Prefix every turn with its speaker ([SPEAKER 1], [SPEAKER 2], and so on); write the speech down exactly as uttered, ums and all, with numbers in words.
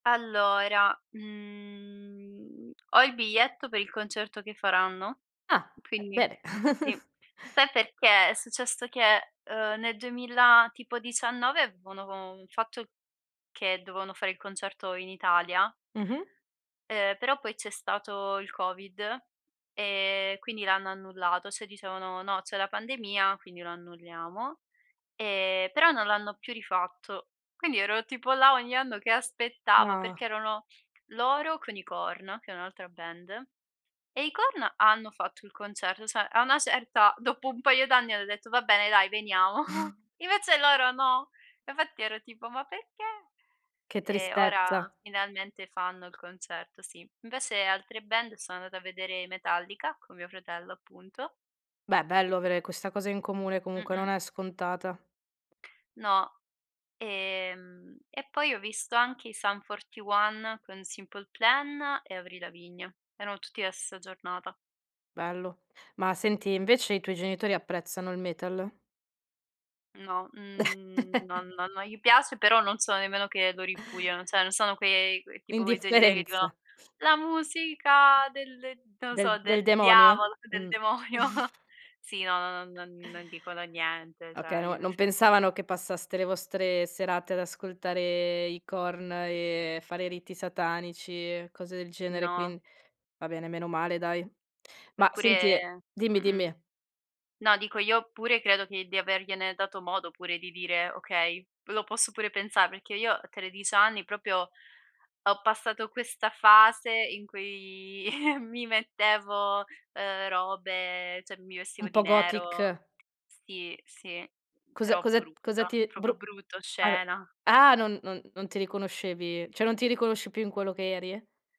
[SPEAKER 1] Allora, mhmm, ho il biglietto per il concerto che faranno,
[SPEAKER 2] Ah, eh
[SPEAKER 1] quindi
[SPEAKER 2] beh.
[SPEAKER 1] sì. Sai perché? È successo che, ehm, nel duemila tipo dicianniove avevano von fatto che dovevano fare il concerto in Italia
[SPEAKER 2] Mh-mh.
[SPEAKER 1] ehm, però poi c'è stato il covid, ehm, quindi l'hanno annullato, ceh dicevano: "No, c'è la pandemia, quindi lo annulliamo". Ehm, però non l'hanno più rifatto. Quindi ero tipo là ogni anno che aspettavo
[SPEAKER 2] Nah.
[SPEAKER 1] perché erano loro con i Korn, che è un'altra band, e i Korn hanno fatto il concerto, sè a una certa dopo un paio d'anni hanno detto: "Va bene dai, veniamo". Invece loro no. Infatti ero tipo: "Ma perché!?"
[SPEAKER 2] Che
[SPEAKER 1] E ora
[SPEAKER 2] tristezza.
[SPEAKER 1] finalmente fanno il concerto, sì. Invece altre band sono andata a vedere i Metallica, con mio fratello appunto.
[SPEAKER 2] Beh, bello avere questa cosa in comune comunque, non
[SPEAKER 1] Mh-mh.
[SPEAKER 2] è scontata.
[SPEAKER 1] No. Ehm, e poi ho visto anche i Sun41 con Simple Plan e Avril Lavigne. Erano tutti nella stessa giornata.
[SPEAKER 2] Bello. Ma senti, invece i tuoi genitori apprezzano il metal?
[SPEAKER 1] No, mhmm, non non non gli piace, però non sono nemmeno che lo ripudiano, ceh non sono quei quei tipo quei genitori che dicono:
[SPEAKER 2] L'indifferenza.
[SPEAKER 1] "La musica del" non lo so,
[SPEAKER 2] Del del
[SPEAKER 1] "del
[SPEAKER 2] demonio?
[SPEAKER 1] diavolo, del
[SPEAKER 2] Mh.
[SPEAKER 1] demonio". Sì, no, no, no, non non dicono niente, ceh
[SPEAKER 2] Okay,
[SPEAKER 1] non
[SPEAKER 2] no
[SPEAKER 1] gliene
[SPEAKER 2] non
[SPEAKER 1] fre
[SPEAKER 2] pensavano che passaste le vostre serate ad ascoltare i Korn, e fare riti satanici e cose del genere; quin
[SPEAKER 1] No.
[SPEAKER 2] va bene, meno male dai. Ma senti e
[SPEAKER 1] Eppure
[SPEAKER 2] dimmi,
[SPEAKER 1] mh-mh.
[SPEAKER 2] dimmi.
[SPEAKER 1] No dico io pure credo che di avergliene dato modo pure di dire: "Okay". Lo posso pure pensar perché io a tredici anni propio ho passato questa fase in cui mi mettevo, ehm, robe ceh mi vestivo
[SPEAKER 2] Un
[SPEAKER 1] di
[SPEAKER 2] po' gothic.
[SPEAKER 1] nero. Sì, sì.
[SPEAKER 2] Cosa
[SPEAKER 1] Però
[SPEAKER 2] cosa cosa
[SPEAKER 1] brutta,
[SPEAKER 2] ti
[SPEAKER 1] propio
[SPEAKER 2] bru
[SPEAKER 1] brutta
[SPEAKER 2] a
[SPEAKER 1] oscena.
[SPEAKER 2] ah, non non non ti riconoscevi, ceh non ti riconosci più in quello che eri?